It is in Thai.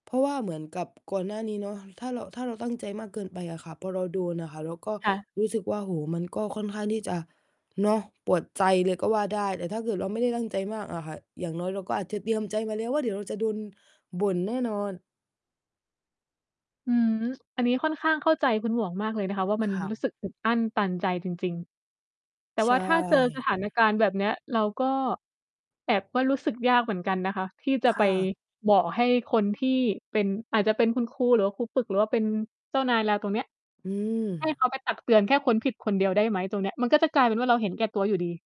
เพราะว่าเหมือนกับก่อนหน้านี้เนาะ ถ้าเรา ถ้าเราตั้งใจมากเกินไปอะค่ะ พอเราโดนอะค่ะ เราก็ค่ะ รู้สึกว่า โอ้โฮ มันก็ค่อนข้างที่จะเนาะ ปวดใจเลย ก็ว่าได้ แต่ถ้าเกิดเราไม่ได้ตั้งใจมากอะค่ะ อย่างน้อยเราก็อาจจะเตรียมใจมาแล้วว่า เดี๋ยวเราจะโดนบ่นแน่นอน อืม อันนี้ค่อนข้างเข้าใจคุณหมวกมากเลยนะคะว่า มัคน่รู้ะ สึกอึดอั้นตันใจจริง ๆ แต่ใวช่าถ้าเจอ ส่ ถานการณ์แบบนี้ เราก็ แอบว่า รู้สึกยากเหมือนกันนะคะ ที่จะคไป่ะ บอกให้คนที่เป็น อาจจะเป็นคุณครู หรือว่าครูฝึก หรือว่าเป็นเจ้านายเราตรงเนี้ย อืให้เม ขาไปตักเตือนแค่ค้นผิดคนเดียวได้ไหมตรงเนี้ย มันก็จะกลายเป็นว่า เราเห็นแก่ตัวอยู่ดี